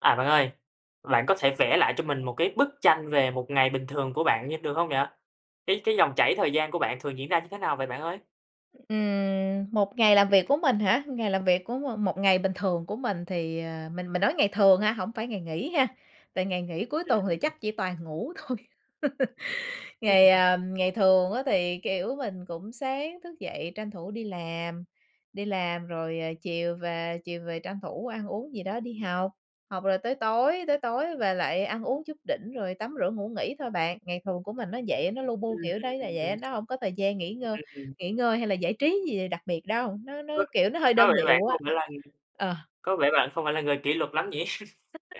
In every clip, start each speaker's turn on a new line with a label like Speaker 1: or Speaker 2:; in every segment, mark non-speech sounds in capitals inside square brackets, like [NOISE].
Speaker 1: À bạn ơi, bạn có thể vẽ lại cho mình một cái bức tranh về một ngày bình thường của bạn nh được hông vậy? Cái cái dòng chảy thời gian của bạn thường diễn ra như thế nào vậy bạn ơi?
Speaker 2: Ừm, một ngày làm việc của mình hả? Ngày làm việc của m một ngày bình thường của mình thì ờ, mình mình nói ngày thường ha, hổng phải ngày nghỉ ha, tại ngày nghỉ cuối
Speaker 1: Ưm,
Speaker 2: tuần thì
Speaker 1: ừm.
Speaker 2: chắc chỉ toàn ngủ thôi. [LAUGHS] Ngày, à,
Speaker 1: [UNINTELLIGIBLE]
Speaker 2: ngày thường á thì, kiểu, mình cũng sáng thức dậy tranh thủ đi làm, đi làm rồi, à, chiều về, chiều về tranh thủ ăn uống gì đó đi học, học rồi tới tối, tới tối về lại ăn uống chút đỉnh rồi tắm rửa ngủ nghỉ thôi bạn. Ngày thường của mình nó vậy á, nó lu bu
Speaker 1: Ừm.
Speaker 2: kiểu đấy là vậy, nó hông có thời gian nghỉ ngơ
Speaker 1: Ừm.
Speaker 2: nghỉ ngơi hay là giải trí gì đặc biệt đâu, nó nó,
Speaker 1: Vâng,
Speaker 2: kiểu, nó hơi
Speaker 1: có
Speaker 2: đơn
Speaker 1: vẻ bạn
Speaker 2: điệu
Speaker 1: không
Speaker 2: á.
Speaker 1: phải là
Speaker 2: Ờ.
Speaker 1: có vẻ bạn không phải là người kỷ luật lắm nhỉ?
Speaker 2: [UNINTELLIGIBLE]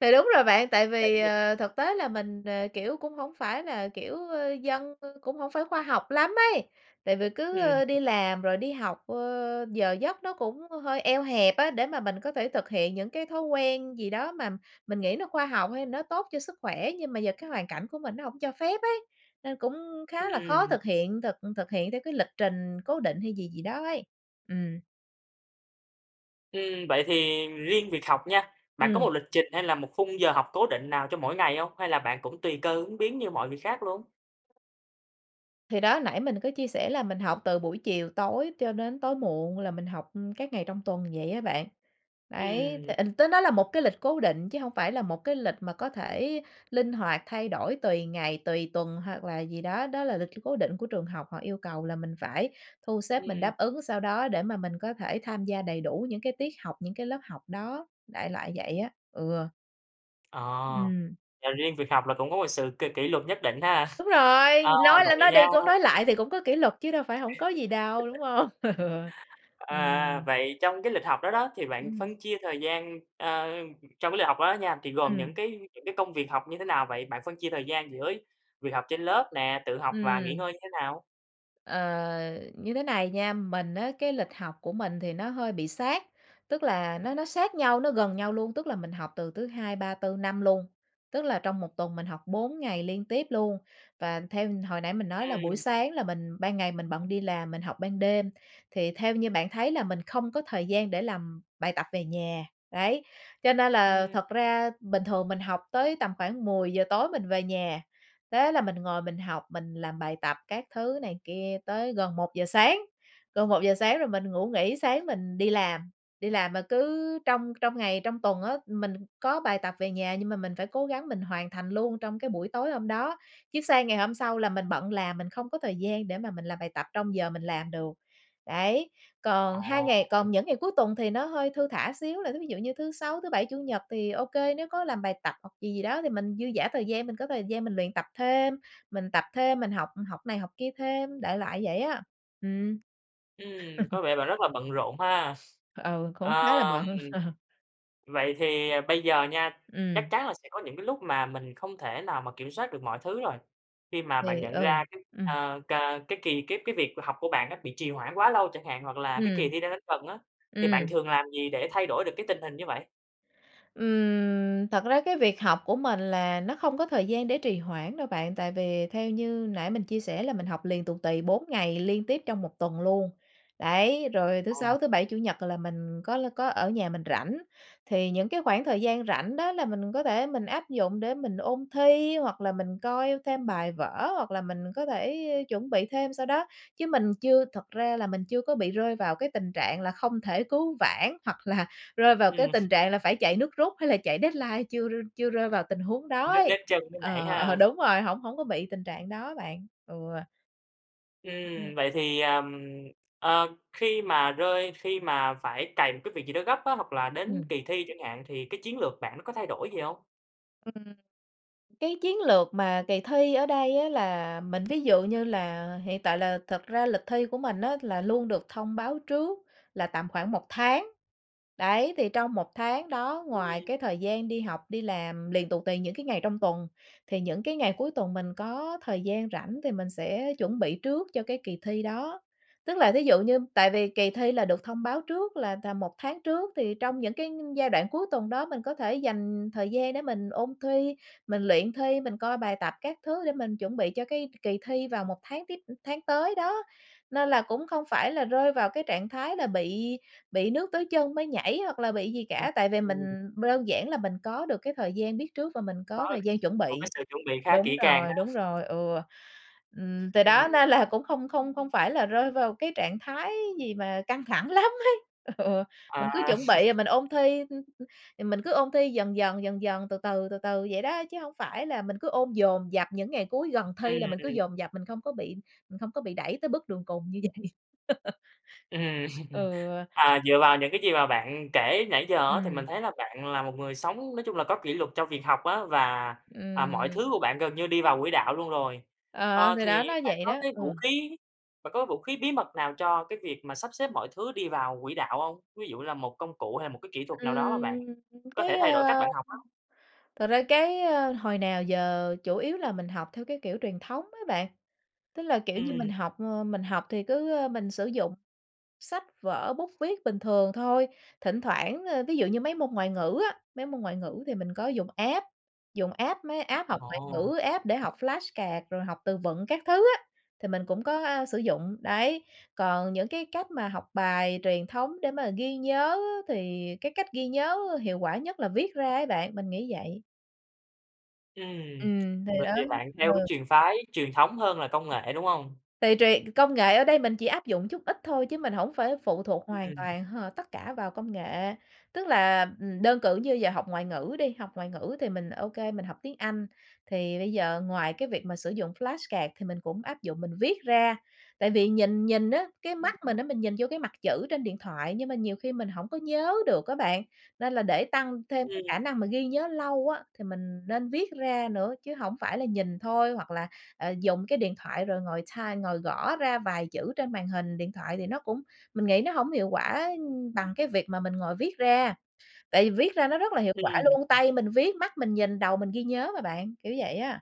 Speaker 2: Thì đúng rồi bạn, tại vì,
Speaker 1: [UNINTELLIGIBLE]
Speaker 2: ờ, thực tế là mình, ờ, kiểu, cũng hổng phải là, kiểu, ơ, dân, ơ, cũng hổng phải khoa học lắm ấy. Tại vì cứ,
Speaker 1: Ừm.
Speaker 2: ơ, đi làm rồi đi học, ơ, giờ giấc nó cũng hơi eo hẹp á, để mà mình có thể thực hiện những cái thói quen gì đó mà mình nghĩ nó khoa học, hay nó tốt cho sức khỏe, nhưng mà giờ cái hoàn cảnh của mình nó hổng cho phép ấy, nên cũng khá là khó
Speaker 1: Ừm.
Speaker 2: thực hiện thực thực hiện theo cái lịch trình cố định hay gì gì đó ấy. Ừm.
Speaker 1: Ừm, vậy thì riêng việc học nha, bạn có một
Speaker 2: Ừm.
Speaker 1: lịch trình hay là một khung giờ học cố định nào cho mỗi ngày hông? Hay là bạn cũng tùy cơ ứng biến như mọi việc khác luôn?
Speaker 2: Thì đó, nãy mình có chia sẻ là mình học từ buổi chiều tối cho đến tối muộn là mình học, ừm, các ngày trong tuần vậy á bạn, đấy, thì
Speaker 1: Ừm.
Speaker 2: ình tới đó là một cái lịch cố định chứ hông phải là một cái lịch mà có thể linh hoạt thay đổi tùy ngày, tùy tuần hoặc là gì đó, đó là lịch c cố định của trường học, họ yêu cầu là mình phải thu xếp mình
Speaker 1: Ừm.
Speaker 2: đáp ứng sao đó để mà mình có thể tham gia đầy đủ những cái tiết học, những cái lớp học đó, đại loại vậy á, ừ.
Speaker 1: Ờ,
Speaker 2: Ừm.
Speaker 1: là riêng việc học là cũng có một sự kỷ kỷ luật nhất định ha. [CHUCKLES]
Speaker 2: Đúng rồi,
Speaker 1: Ờ,
Speaker 2: nói lên
Speaker 1: vậy
Speaker 2: nói
Speaker 1: nha
Speaker 2: đi cũng nói lại thì cũng có kỷ luật chứ đâu phải hổng có gì đâu, đúng hông? Ừ, ừm.
Speaker 1: À,vậy trong cái lịch học đó đó, thì bạn
Speaker 2: Ừm.
Speaker 1: phân chia thời gian ờ, trong cái lịch học đó nha thì gồm những
Speaker 2: Ừm.
Speaker 1: cái những cái công việc học như thế nào vậy? Bạn phân chia thời gian giữa việc học trên lớp nè, tự học và nghỉ
Speaker 2: Ừm.
Speaker 1: ngơi như thế nào?
Speaker 2: Ờ, như thế này nha, mình á cái lịch học của mình thì nó hơi bị sát, tức là nó nó sát nhau, nó gần nhau luôn, tức là mình học từ thứ Hai, Ba, Tư, Năm luôn, tức là trong 1 tuần mình học 4 ngày liên tiếp luôn và theo hồi nãy mình nói là buổi
Speaker 1: Ừm.
Speaker 2: sáng là mình ban ngày mình bận đi làm, mình học ban đêm, thì theo như bạn thấy là mình không có thời gian để làm bài tập về nhà. Đấy, cho nên là
Speaker 1: Ừm.
Speaker 2: thật ra bình thường mình học tới tầm khoảng 10:00 tối mình về nhà, thế là mình ngồi mình học, mình làm bài tập các thứ này kia tới gần 1:00 sáng, gần 1:00 sáng, rồi mình ngủ nghỉ sáng mình đi làm. Đi làm mà cứ trong trong ngày trong tuần á mình có bài tập về nhà nhưng mà mình phải cố gắng mình hoàn thành luôn trong cái buổi tối hôm đó, chứ sang ngày hôm sau là mình bận làm mình không có thời gian để mà mình làm bài tập trong giờ mình làm được. Đấy, còn 2
Speaker 1: Ồ!
Speaker 2: ngày còn những ngày cuối tuần thì nó hơi thư thả xíu là thí ví dụ như thứ Sáu, thứ Bảy, Chủ nhật thì ô kê nếu có làm bài tập hoặc gì gì đó thì mình dư dả thời gian, mình có thời gian mình luyện tập thêm, mình tập thêm, mình học học này học kia thêm, đại loại vậy á, ừm.
Speaker 1: Ừm, có
Speaker 2: [LAUGHS]
Speaker 1: vẻ bạn rất là bận rộn ha. [CHUCKLES]
Speaker 2: Ừ, cũng
Speaker 1: Ờ,
Speaker 2: khá là bận.
Speaker 1: ừm,
Speaker 2: [CHUCKLES]
Speaker 1: vậy thì bây giờ nha, chắc
Speaker 2: Ừm.
Speaker 1: chắn là sẽ có những cái lúc mà mình không thể nào mà kiểm soát được mọi thứ rồi, khi mà bạn
Speaker 2: Thì
Speaker 1: nhận
Speaker 2: ừ,
Speaker 1: ra cái,
Speaker 2: ừm.
Speaker 1: à, cà cái kỳ cái cái việc mà học của bạn á bị trì hoãn quá lâu chẳng hạn hoặc là cái
Speaker 2: Ừm.
Speaker 1: kỳ thi đang đến gần á, thì bạn
Speaker 2: Ừm.
Speaker 1: thường làm gì để thay đổi được cái tình hình như vậy?
Speaker 2: Ừm, thật ra cái việc học của mình là nó không có thời gian để trì hoãn đâu bạn, tại vì theo như nãy mình chia sẻ là mình học liền tù tì 4 ngày liên tiếp trong 1 tuần luôn, đấy, rồi thứ
Speaker 1: Ồ.
Speaker 2: Sáu, thứ Bảy, Chủ nhật là mình có l có ở nhà mình rảnh. Thì những cái khoảng thời gian rảnh đó là mình có thể mình áp dụng để mình ôn thi, hoặc là mình coi thêm bài vở hoặc là mình có thể chuẩn bị thêm, sao đó, chứ mình chưa thật ra là mình chưa có bị rơi vào cái tình trạng là không thể cứu vãn hoặc là rơi vào cái
Speaker 1: Ừm.
Speaker 2: tình trạng là
Speaker 1: [CHUCKLES]
Speaker 2: phải chạy nước rút hay là chạy deadline chưa r chưa rơi vào tình huống đó
Speaker 1: Nước
Speaker 2: ấy
Speaker 1: đến chân mới nhảy
Speaker 2: ờ, ờ,
Speaker 1: ha.
Speaker 2: đúng rồi, hổng hổng có bị tình trạng đó bạn, ừa.
Speaker 1: Ừm, vậy thì, ờm, ờ, khi mà rơi khi mà phải cày một cái việc gì đó gấp á, hoặc là đến
Speaker 2: Ừm.
Speaker 1: kỳ thi chẳng hạn thì cái chiến lược bạn nó có thay đổi gì hông?
Speaker 2: Ừm, cái chiến lược mà kỳ thi ở đây á, là mình ví dụ như là hiện tại là thực ra lịch thi của mình á, là luôn được thông báo trước là tầm khoảng 1 tháng, đấy, thì trong 1 tháng đó ngoài
Speaker 1: Ừm.
Speaker 2: cái thời gian đi học, đi làm liền tù tì những cái ngày trong tuần, thì những cái ngày cuối tuần mình có thời gian rảnh thì mình sẽ chuẩn bị trước cho cái kỳ thi đó. Tức là thí dụ như tại vì kỳ thi là được thông báo trước là tầm 1 tháng trước, thì trong những cái giai đoạn cuối tuần đó mình có thể dành thời gian để mình ôn thi, mình luyện thi, mình coi bài tập các thứ để mình chuẩn bị cho cái k kỳ thi vào một tháng tiếp, ưm, tháng tới đó. Nên là cũng không phải là rơi vào cái trạng thái là bị bị nước tới chân mới nhảy hoặc là bị gì
Speaker 1: Ừm,
Speaker 2: cả, tại vì mình
Speaker 1: ừm.
Speaker 2: b đơn giản là mình có được cái thời gian biết trước và mình có
Speaker 1: Có
Speaker 2: thời
Speaker 1: s
Speaker 2: gian chuẩn
Speaker 1: một cái
Speaker 2: bị
Speaker 1: sự chuẩn bị khá
Speaker 2: đúng
Speaker 1: kỹ càng ha.
Speaker 2: rồi, đúng
Speaker 1: [CHUCKLES]
Speaker 2: rồi, ừa, ừm, từ đó
Speaker 1: Ừm.
Speaker 2: nên là cũng không không không phải là rơi vào cái trạng thái gì mà căng thẳng lắm ấy ừa,
Speaker 1: À.
Speaker 2: mình cứ chuẩn là bị mình
Speaker 1: [LAUGHS]
Speaker 2: ôn thi, hưm hưm, thì mình cứ ôn thi dần dần, dần dần, từ từ, từ từ vậy đó, chứ hổng phải là mình cứ ôn dồn dập, những ngày cuối gần
Speaker 1: Ừm,
Speaker 2: thi là mình cứ
Speaker 1: ừm.
Speaker 2: dồn dập mình không có bị mình không có bị đẩy tới bước đường cùng như vậy. [LAUGHS]
Speaker 1: Ừm, [LAUGHS]
Speaker 2: Ừa.
Speaker 1: à, dựa vào những cái gì mà bạn kể nãy giờ á, thì
Speaker 2: Ừm.
Speaker 1: mình thấy là bạn là một người sống nói chung là có kỷ luật cho việc học á và, à, mọi thứ
Speaker 2: Ừm.
Speaker 1: của bạn gần như đi vào quỹ đạo luôn rồi.
Speaker 2: Ờ,
Speaker 1: Ờ,
Speaker 2: thì
Speaker 1: thì
Speaker 2: đó, nó
Speaker 1: bạn
Speaker 2: vậy
Speaker 1: có
Speaker 2: đó,
Speaker 1: cái
Speaker 2: ừa.
Speaker 1: vũ khí, bạn có vũ khí bí mật nào cho cái việc mà sắp xếp mọi thứ đi vào quỹ đạo hông? Ví dụ như là một công cụ hay là một cái kỹ thuật nào đó mà bạn
Speaker 2: Ừm,
Speaker 1: có thể
Speaker 2: cái,
Speaker 1: thay đổi cách
Speaker 2: ơ,
Speaker 1: bạn học á?
Speaker 2: thật ra cái, ơ, hồi nào giờ chủ yếu là mình học theo cái kiểu truyền thống á bạn. Tức là, kiểu như, mình
Speaker 1: Ừm.
Speaker 2: học, ơ, mình học thì cứ, ơ, mình sử dụng sách vở, bút viết bình thường thôi, thỉnh thoảng, ơ, thí dụ như mấy môn ngoại ngữ á, mấy môn ngoại ngữ thì mình có dùng app, dùng app, mấy app học ngoại
Speaker 1: Ồ.
Speaker 2: ngữ, app để học flashcard rồi học từ vựng các thứ á, thì mình cũng có, a, sử dụng, đấy. Còn những cái cách mà học bài truyền thống để mà ghi nhớ thì cái cách ghi nhớ hiệu quả nhất là viết ra ấy bạn, mình nghĩ vậy.
Speaker 1: Ừm,
Speaker 2: Ừm, thì
Speaker 1: vậy
Speaker 2: đó,
Speaker 1: thì bạn theo cái
Speaker 2: ừ.
Speaker 1: truyền phái truyền thống hơn là công nghệ, đúng hông?
Speaker 2: Tùy, tùy, công nghệ ở đây mình chỉ áp dụng chút ít thôi, chứ mình hổng phải phụ thuộc hoàn
Speaker 1: Ừm.
Speaker 2: toàn h tất cả vào công nghệ. Tức là, ừm, đơn cử như giờ học ngoại ngữ đi, học ngoại ngữ thì mình ô kê mình học tiếng Anh, thì bây giờ ngoài cái việc mà sử dụng flashcard thì mình cũng áp dụng mình viết ra. Tại vì nhìn nhìn á, cái
Speaker 1: Ừm
Speaker 2: mắt
Speaker 1: hứm.
Speaker 2: mình á mình nhìn vô cái mặt chữ trên điện thoại, nhưng mà nhiều khi mình hổng có nhớ được á bạn, nên là để tăng thêm cái khả
Speaker 1: Ừm.
Speaker 2: năng mà ghi nhớ lâu á, thì mình nên viết ra nữa chứ hổng phải là nhìn thôi, hoặc là, à, dùng cái điện thoại rồi ngồi type, ngồi gõ ra vài chữ trên màn hình điện thoại thì nó cũng mình nghĩ nó hổng hiệu quả bằng cái việc mà mình ngồi viết ra. Tại vì viết ra nó rất là hiệu
Speaker 1: Ừm,
Speaker 2: quả luôn,
Speaker 1: ừm.
Speaker 2: tay mình viết, mắt mình nhìn, đầu mình ghi nhớ mà bạn, kiểu vậy á.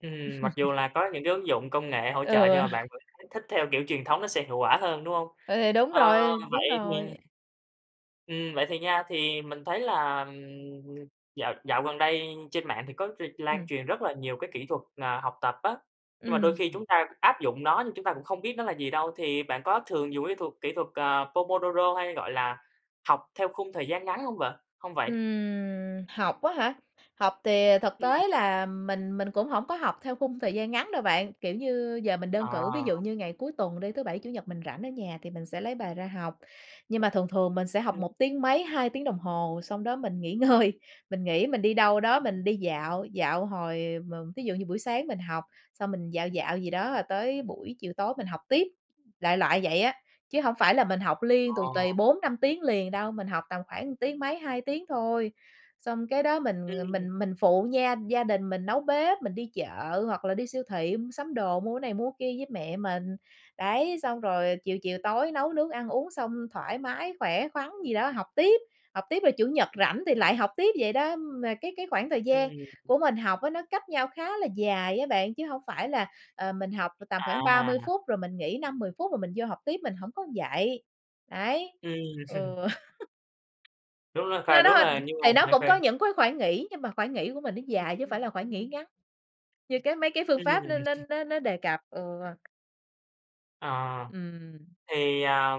Speaker 1: Ừm, mặc dù
Speaker 2: [LAUGHS]
Speaker 1: là có những cái ứng dụng công nghệ hỗ trợ nhưng
Speaker 2: Ừ.
Speaker 1: mà bạn vẫn thấy thích theo kiểu truyền thống nó sẽ hiệu quả hơn, đúng hông?
Speaker 2: Ừ, thì đúng
Speaker 1: Ơ,
Speaker 2: rồi, đúng
Speaker 1: vậy
Speaker 2: rồi.
Speaker 1: thì Ừm, vậy thì nha, thì mình thấy là, ừm, dạo dạo gần đây trên mạng thì có r lan
Speaker 2: Ừm.
Speaker 1: truyền rất là nhiều cái kỹ thuật, ờ, học tập á. Nhưng mà đôi khi
Speaker 2: Ừm,
Speaker 1: chúng ta áp dụng nó nhưng chúng ta cũng không biết nó là gì đâu, thì bạn có thường dùng cái thuật kỹ thuật, à, Pomodoro hay, gọi là, học theo khung thời gian ngắn hông vợ hông vậy?
Speaker 2: Ừm, học á hả? Học thì, à, thực
Speaker 1: Ừm.
Speaker 2: tế là mình mình cũng hổng có học theo khung thời gian ngắn đâu bạn, kiểu như, giờ mình đơn cử ví
Speaker 1: À.
Speaker 2: dụ như ngày cuối tuần đi, thứ Bảy Chủ nhật mình rảnh ở nhà thì mình sẽ lấy bài ra học, nhưng mà thường thường mình sẽ học
Speaker 1: Ừm.
Speaker 2: một tiếng mấy, 2 tiếng đồng hồ xong đó mình nghỉ ngơi, mình nghỉ mình đi đâu đó
Speaker 1: Ừm.
Speaker 2: mình đi dạo, dạo hồi mờ thí dụ như buổi sáng mình học, xong mình dạo dạo gì đó rồi tới buổi chiều tối mình học tiếp, đại loại vậy á. Chứ hổng phải là mình học liên tù
Speaker 1: Ờ.
Speaker 2: tì 4-5 tiếng liền đâu, mình học tầm khoảng tiếng mấy, 2 tiếng thôi. Xong kế đó mình, ờ,
Speaker 1: Ừm.
Speaker 2: mình mình phụ nha gia đình mình nấu bếp, mình đi chợ hoặc là đi siêu thị mua sắm đồ, mua cái này mua cái kia với mẹ mình. Đấy, xong rồi chiều chiều tối nấu nướng ăn uống xong thoải mái, khỏe khoắn gì đó học tiếp, học tiếp rồi Chủ nhật rảnh thì lại học tiếp vậy đó. Mà cái cái khoảng thời gian
Speaker 1: Ừm.
Speaker 2: của mình học á nó cách nhau khá là dài á bạn, chứ hổng phải là, ờ, mình học là tầm khoảng 30
Speaker 1: À!
Speaker 2: phút, rồi mình nghỉ 5-10 phút, rồi mình vô học tiếp mình hổng có vậy, đấy,
Speaker 1: Ừm.
Speaker 2: ừ.
Speaker 1: [CHUCKLES] Đúng
Speaker 2: [LAUGHS]
Speaker 1: rồi kh
Speaker 2: Đó, đó,
Speaker 1: đúng
Speaker 2: ưm,
Speaker 1: là nhưng mà
Speaker 2: thì nó cũng có
Speaker 1: [UNINTELLIGIBLE]
Speaker 2: những cái khoảng nghỉ, nhưng mà khoảng nghỉ của mình nó dài chứ hông phải là khoảng nghỉ ngắn như cái, mấy cái phương
Speaker 1: Ừm.
Speaker 2: pháp nó nó nó nó đề cập. Ừ.
Speaker 1: Ờ.
Speaker 2: Ừm.
Speaker 1: Thì à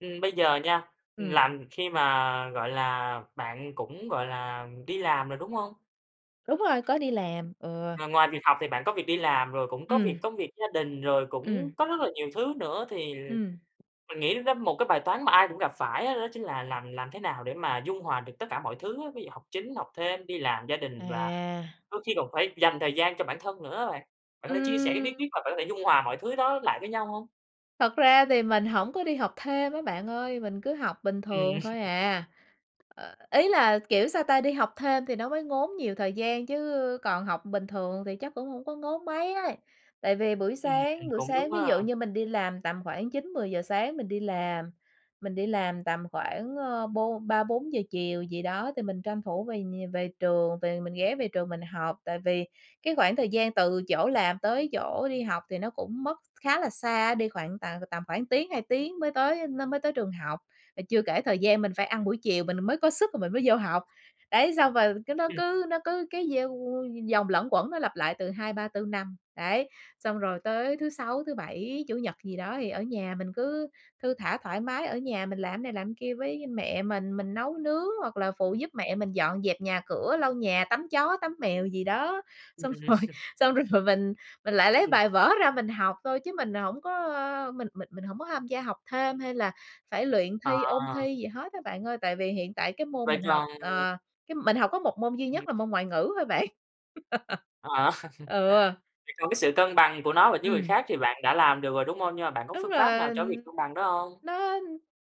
Speaker 1: ừm, bây giờ nha,
Speaker 2: Ừm.
Speaker 1: là khi mà, gọi là, bạn cũng, gọi là, đi làm rồi, đúng hông?
Speaker 2: Đúng rồi, có đi làm, ừ.
Speaker 1: Ng ngoài việc học thì bạn có việc đi làm, rồi cũng có
Speaker 2: Ừm.
Speaker 1: việc công việc gia đình, rồi
Speaker 2: Ừm.
Speaker 1: cũng có rất là nhiều thứ nữa, thì
Speaker 2: Ừm.
Speaker 1: mình nghĩ đó một cái bài toán mà ai cũng gặp phải á đó chính là làm làm thế nào để mà dung hòa được tất cả mọi thứ á, ví dụ học chính, học thêm, đi làm, gia đình và
Speaker 2: À!
Speaker 1: đôi khi còn phải dành thời gian cho bản thân nữa á bạn. Bạn có thể chia sẻ cái bí
Speaker 2: Ừm.
Speaker 1: quyết mà bạn có thể dung hòa mọi thứ đó lại với nhau hông?
Speaker 2: Thật ra thì mình hổng có đi học thêm á bạn ơi, mình cứ học bình
Speaker 1: Ừm.
Speaker 2: thường thôi
Speaker 1: [CHUCKLES]
Speaker 2: à. Ờ, ý là, kiểu sao ta, đi học thêm thì nó mới ngốn nhiều thời gian chứ còn học bình thường thì chắc cũng hổng có ngốn mấy ấy. Tại vì buổi sáng,
Speaker 1: Ừm,
Speaker 2: buổi
Speaker 1: cũng đúng
Speaker 2: sáng ví dụ
Speaker 1: ha!
Speaker 2: như mình đi làm, tầm khoảng 9:00-10:00 sáng mình đi làm, mình đi làm tầm khoảng, ờ, bôn 3:00-4:00 chiều gì đó thì mình tranh thủ về nh về trường, về mình ghé về trường mình học, tại vì cái khoảng thời gian từ chỗ làm tới chỗ đi học thì nó cũng mất khá là xa, đi khoảng tận tầm khoảng tiếng 2 tiếng mới tới nó mới tới trường học. À, chưa kể thời gian mình phải ăn buổi chiều mình mới có sức rồi mình mới vô học. Đấy, xong rồi cứ nó
Speaker 1: Ừm.
Speaker 2: cứ nó cứ cái dâu vòng luẩn quẩn nó lặp lại từ 2, 3, 4, 5 đấy. Xong rồi tới thứ 6, thứ 7, Chủ nhật gì đó thì ở nhà mình cứ thư thả thoải mái ở nhà mình làm này làm kia với mẹ mình, mình nấu nướng hoặc là phụ giúp mẹ mình dọn dẹp nhà cửa, lau nhà, tắm chó, tắm mèo gì đó,
Speaker 1: Ừm.
Speaker 2: xong [CHUCKLES] rồi
Speaker 1: [CHUCKLES]
Speaker 2: xong rồi mình mình lại lấy bài vở ra mình học thôi chứ mình hổng có mình mình mình hổng có tham gia học thêm hay là phải luyện
Speaker 1: À.
Speaker 2: thi, ôn thi gì hết á bạn ơi. Tại vì hiện tại cái môn
Speaker 1: Vậy
Speaker 2: mình học,
Speaker 1: còn
Speaker 2: ờ, cái mình học có một môn duy
Speaker 1: Ừm.
Speaker 2: nhất là môn ngoại ngữ thôi bạn. [LAUGHS]
Speaker 1: Ờ,
Speaker 2: Ừ.
Speaker 1: [CHUCKLES] vậy còn cái sự cân bằng của nó và những việc
Speaker 2: Ừm.
Speaker 1: khác thì bạn đã làm được rồi, đúng hông? Nhưng mà bạn có
Speaker 2: Tức
Speaker 1: phương pháp nào
Speaker 2: là,
Speaker 1: cho cái việc cân bằng đó hông?
Speaker 2: nó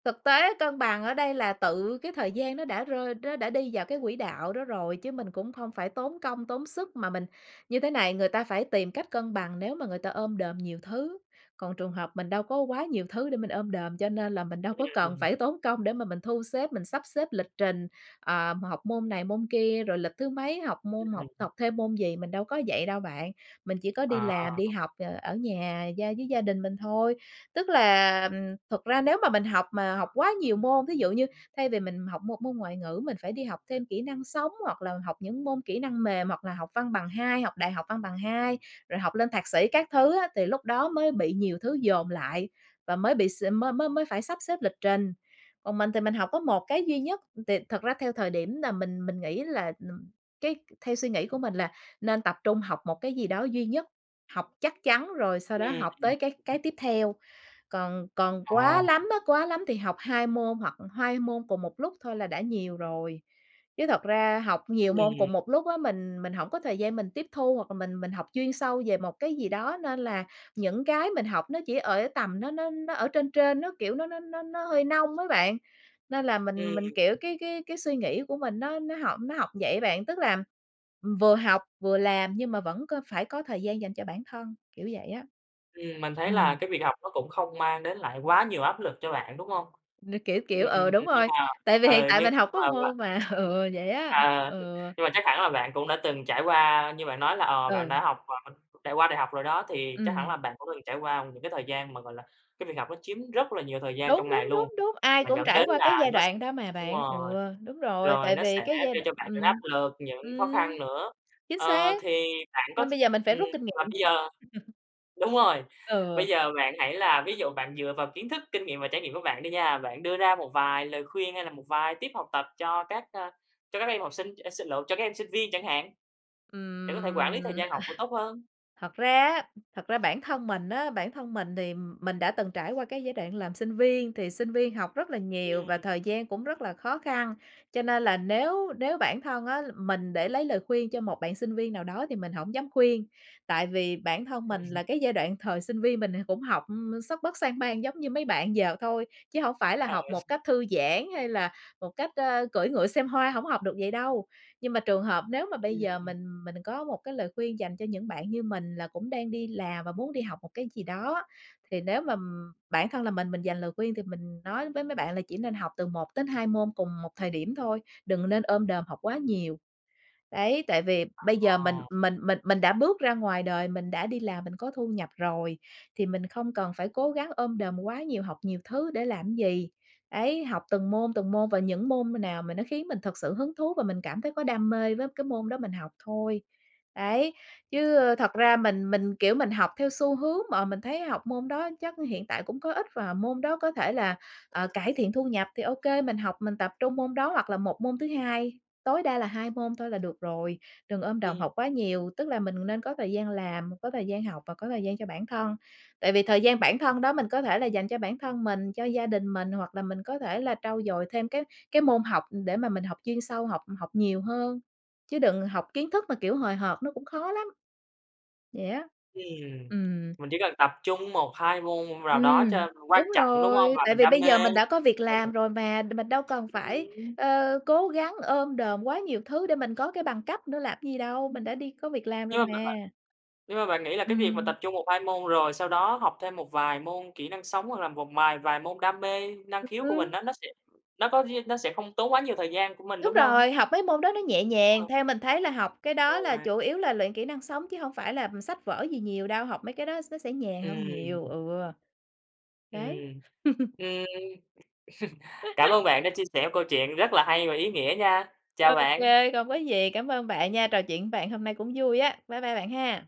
Speaker 2: thực tế cân bằng ở đây là tự cái thời gian nó đã rơi nó đã đi vào cái quỹ đạo đó rồi, chứ mình cũng không phải tốn công tốn sức mà mình như thế này. Người ta phải tìm cách cân bằng nếu mà người ta ôm đồm nhiều thứ, còn trường hợp mình đâu có quá nhiều thứ để mình ôm đồm, cho nên là mình đâu có cần
Speaker 1: Ừm.
Speaker 2: phải tốn công để mà mình thu xếp, mình sắp xếp lịch trình, ờ, học môn này môn kia, rồi lịch thứ mấy học môn học
Speaker 1: Ừm.
Speaker 2: học thêm môn gì, mình đâu có vậy đâu bạn. Mình chỉ có đi
Speaker 1: Ờ.
Speaker 2: làm, đi học, ờ, ở nhà gia với gia đình mình thôi. Tức là, thực ra nếu mà mình học mà học quá nhiều môn, ví dụ như thay vì mình học một môn ngoại ngữ, mình phải đi học thêm kỹ năng sống, hoặc là học những môn kỹ năng mềm, hoặc là học văn bằng hai, học đại học văn bằng hai, rồi học lên thạc sĩ các thứ á thì lúc đó mới bị nhiều thứ dồn lại và mới bị s mới mới mới phải sắp xếp lịch trình. Còn mình thì mình học có một cái duy nhất, thì thật ra theo thời điểm là mình mình nghĩ là, ừm, cái theo suy nghĩ của mình là nên tập trung học một cái gì đó duy nhất, học chắc chắn rồi sau
Speaker 1: Ừ,
Speaker 2: đó học
Speaker 1: ừm.
Speaker 2: tới cái cái tiếp theo. Còn còn
Speaker 1: Ờ.
Speaker 2: quá lắm á, quá lắm thì học 2 môn hoặc 2 môn cùng một lúc thôi là đã nhiều rồi. Chứ thật ra học nhiều môn cùng
Speaker 1: Ừm.
Speaker 2: một lúc á mình mình hổng có thời gian mình tiếp thu hoặc là mình mình học chuyên sâu về một cái gì đó, nên là những cái mình học nó chỉ ở tầm nó nó nó ở trên trên nó kiểu nó nó nó nó hơi nông á bạn. Nên là mình mình,
Speaker 1: Ừm.
Speaker 2: kiểu, cái cái cái suy nghĩ của mình nó nó học nó học vậy á bạn, tức là vừa học vừa làm nhưng mà vẫn có phải có thời gian dành cho bản thân, kiểu vậy á.
Speaker 1: Ừm, mình thấy là
Speaker 2: Ừm.
Speaker 1: cái việc học nó cũng không mang đến lại quá nhiều áp lực cho bạn, đúng hông?
Speaker 2: Nó, kiểu kiểu
Speaker 1: Ừm,
Speaker 2: ừ, đúng
Speaker 1: nhưng
Speaker 2: rồi,
Speaker 1: mà
Speaker 2: tại vì hiện
Speaker 1: ờ,
Speaker 2: tại
Speaker 1: nhưng
Speaker 2: mình học
Speaker 1: nhưng
Speaker 2: có
Speaker 1: mà
Speaker 2: một
Speaker 1: bạn
Speaker 2: môn mà, [CHUCKLES] ừm, vậy á,
Speaker 1: à,
Speaker 2: ừ.
Speaker 1: nhưng mà chắc hẳn là bạn cũng đã từng trải qua như bạn nói là, ờ, bạn
Speaker 2: Ừ.
Speaker 1: đã học q trải qua đại học rồi đó, thì chắc hẳn là
Speaker 2: Ừm.
Speaker 1: bạn cũng từng trải qua những cái thời gian mà, gọi là, cái việc học nó chiếm rất là nhiều thời gian
Speaker 2: Đúng,
Speaker 1: trong ngày
Speaker 2: đúng,
Speaker 1: luôn,
Speaker 2: đúng, đúng, ai
Speaker 1: mà
Speaker 2: cũng
Speaker 1: dẫn
Speaker 2: trải
Speaker 1: đến
Speaker 2: qua cái
Speaker 1: là
Speaker 2: giai
Speaker 1: nó s
Speaker 2: đoạn đó mà
Speaker 1: đúng
Speaker 2: bạn. Ừ,
Speaker 1: rồi,
Speaker 2: đúng rồi,
Speaker 1: rồi
Speaker 2: tại
Speaker 1: nó
Speaker 2: vì
Speaker 1: sẽ
Speaker 2: cái giai
Speaker 1: gây cho
Speaker 2: đoạn
Speaker 1: bạn những áp
Speaker 2: ừm,
Speaker 1: lực, những khó
Speaker 2: ừm,
Speaker 1: khăn nữa.
Speaker 2: chính
Speaker 1: Ờ,
Speaker 2: xác,
Speaker 1: thì bạn có th
Speaker 2: nên bây giờ mình phải
Speaker 1: ừm,
Speaker 2: rút kinh
Speaker 1: mà
Speaker 2: nghiệm.
Speaker 1: bây giờ
Speaker 2: [CHUCKLES]
Speaker 1: đúng rồi, bây
Speaker 2: Ừ.
Speaker 1: giờ bạn hãy là ví dụ bạn dựa vào kiến thức, kinh nghiệm và trải nghiệm của bạn đi nha, bạn đưa ra một vài lời khuyên hay là một vài tip học tập cho các, ờ, cho các em học sinh, ờ, sinh lộn cho các em sinh viên chẳng hạn, để có thể quản lý thời
Speaker 2: Ừm
Speaker 1: gian học của tốt hơn.
Speaker 2: [CHUCKLES] thật ra á, thật ra bản thân mình á, bản thân mình thì mình đã từng trải qua cái giai đoạn làm sinh viên, thì sinh viên học rất là nhiều và
Speaker 1: Ừm.
Speaker 2: thời gian cũng rất là khó khăn, cho nên là nếu nếu bản thân á mình để lấy lời khuyên cho một bạn sinh viên nào đó thì mình hổng dám khuyên. Tại vì bản thân
Speaker 1: Ừ.
Speaker 2: mình
Speaker 1: [CHUCKLES]
Speaker 2: là cái giai đoạn thời sinh viên mình cũng học sấp bất sang bang giống như mấy bạn giờ thôi, chứ hông phải là
Speaker 1: Ờ.
Speaker 2: học một
Speaker 1: [CHUCKLES]
Speaker 2: cách thư giãn hay là một cách, ờ, cưỡi ngựa xem hoa, hổng học được vậy đâu. Nhưng mà trường hợp nếu mà bây giờ
Speaker 1: Ừm
Speaker 2: mình mình có một cái lời khuyên dành cho những bạn như mình là cũng đang đi làm và muốn đi học một cái gì đó á, thì nếu mà bản thân là mình mình dành lời khuyên thì mình nói với mấy bạn là chỉ nên học từ 1-2 môn cùng một thời điểm thôi, đừng nên ôm đồm học quá nhiều. Đấy, tại vì bây giờ mình
Speaker 1: Ồ!
Speaker 2: mình mình mình đã bước ra ngoài đời, mình đã đi làm mình có thu nhập rồi, thì mình không cần phải cố gắng ôm đồm quá nhiều, học nhiều thứ để làm gì, đấy. Học từng môn từng môn và những môn nào mà nó khiến mình thực sự hứng thú và mình cảm thấy có đam mê với cái môn đó mình học thôi. Đấy, chứ thật ra mình mình, kiểu, mình học theo xu hướng mà, mình thấy học môn đó chắc hiện tại cũng có ích và môn đó có thể là, ờ, cải thiện thu nhập thì ô kê mình học, mình tập trung môn đó hoặc là một môn thứ 2, tối đa là 2 môn thôi là được rồi, đừng ôm đồm
Speaker 1: Ừ.
Speaker 2: học quá nhiều. Tức là mình nên có thời gian làm, có thời gian học và có thời gian cho bản thân. Tại vì thời gian bản thân đó mình có thể là dành cho bản thân mình, cho gia đình mình hoặc là mình có thể là trau dồi thêm cái cái môn học, ừ, để mà mình học chuyên sâu, học học nhiều hơn, chứ đừng học kiến thức mà, kiểu, hời hợt nó cũng khó lắm. Vậy á.
Speaker 1: Ừm,
Speaker 2: Ừm.
Speaker 1: mình chỉ cần tập trung 1-2 môn nào đó
Speaker 2: Ừm,
Speaker 1: cho quan
Speaker 2: đúng
Speaker 1: trọng, đúng
Speaker 2: rồi,
Speaker 1: hông? Và
Speaker 2: tại
Speaker 1: mình
Speaker 2: vì
Speaker 1: đam
Speaker 2: bây
Speaker 1: mê,
Speaker 2: giờ mình đã có việc
Speaker 1: là được.
Speaker 2: làm rồi mà, mình đâu cần phải,
Speaker 1: Ừm.
Speaker 2: ờ, cố gắng ôm đồm quá nhiều thứ để mình có cái bằng cấp nữa làm gì đâu,
Speaker 1: Ừm,
Speaker 2: mình đã đi có việc làm rồi
Speaker 1: nhưng mà bạn bạn
Speaker 2: mà.
Speaker 1: nhưng mà bạn nghĩ là cái việc mà
Speaker 2: Ừm.
Speaker 1: tập trung 1-2 môn, rồi sau đó học thêm một vài môn kỹ năng sống hoặc là một mài vài môn đam mê, năng
Speaker 2: Ừ
Speaker 1: khiếu của mình
Speaker 2: hứm
Speaker 1: á, nó sẽ nó có riêng nó sẽ không tốn quá nhiều thời gian của mình,
Speaker 2: Đúng
Speaker 1: đúng hông?
Speaker 2: rồi, học mấy môn đó nó nhẹ nhàng,
Speaker 1: Ờ.
Speaker 2: theo mình thấy là học cái đó
Speaker 1: Đúng
Speaker 2: là
Speaker 1: rồi.
Speaker 2: chủ yếu là luyện kỹ năng sống chứ hông phải là sách vở gì nhiều đâu, học mấy cái đó nó sẽ nhàn hơn nhiều.
Speaker 1: Ừm.
Speaker 2: Ừ. Đấy.
Speaker 1: Ừm.
Speaker 2: [CHUCKLES]
Speaker 1: Ừm, [CHUCKLES] cảm ơn bạn đã chia sẻ câu chuyện rất là hay và
Speaker 2: [UNINTELLIGIBLE]
Speaker 1: ý nghĩa nha. Chào
Speaker 2: Ô
Speaker 1: bạn.
Speaker 2: kê, không có gì, cảm ơn bạn nha, trò chuyện với bạn hôm nay cũng vui á. Bye bye bạn ha.